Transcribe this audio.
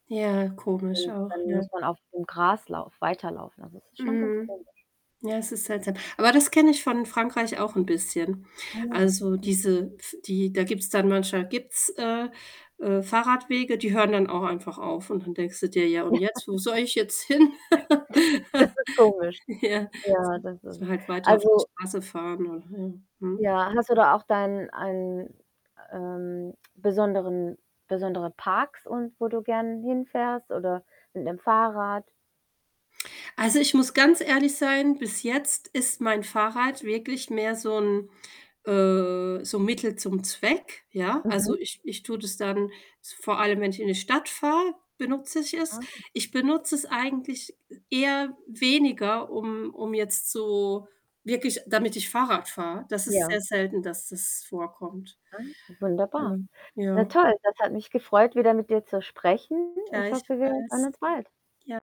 Ja, komisch Und auch, dann ja. muss man auf dem Graslauf weiterlaufen. Also, das ist schon ganz Mhm. komisch. Ja, es ist seltsam. Aber das kenne ich von Frankreich auch 'n bisschen. Ah ja, Also, hm. diese pf die da gibt's dann manchmal gibt's, äh, äh, Fahrradwege, die hören dann auch einfach auf und dann denkst du dir: „Ja Ja. und [unintelligible] jetzt, wo soll ich jetzt hin?“ Das ist komisch. Ja, Ja, so das so ist, halt weiter auf der also Straße fahren oder ja, mhm. Ja, hast du da auch dein ein, ähm, besonderen besondere Parks und wo du gern hinfährst oder mit 'nem Fahrrad? Also, ich muss ganz ehrlich sein, bis jetzt ist mein Fahrrad wirklich mehr so 'n, äh so 'n Mittel zum Zweck, ja. Mhm. Also, ich ich tue das dann, s vor allem, wenn ich in die Stadt fahre, benutze ich es. Ah, Ich okay. benutze es eigentlich e eher weniger, um um jetzt so wirklich, damit ich Fahrrad fahre. Das ist Ja. sehr selten, dass das vorkommt. Ah, wunderbar. Ähm, Na ja. toll, das hat mich gefreut, wieder mit dir zu sprechen. Ich hoffe, wir hören Gleichfalls, uns bald. ja.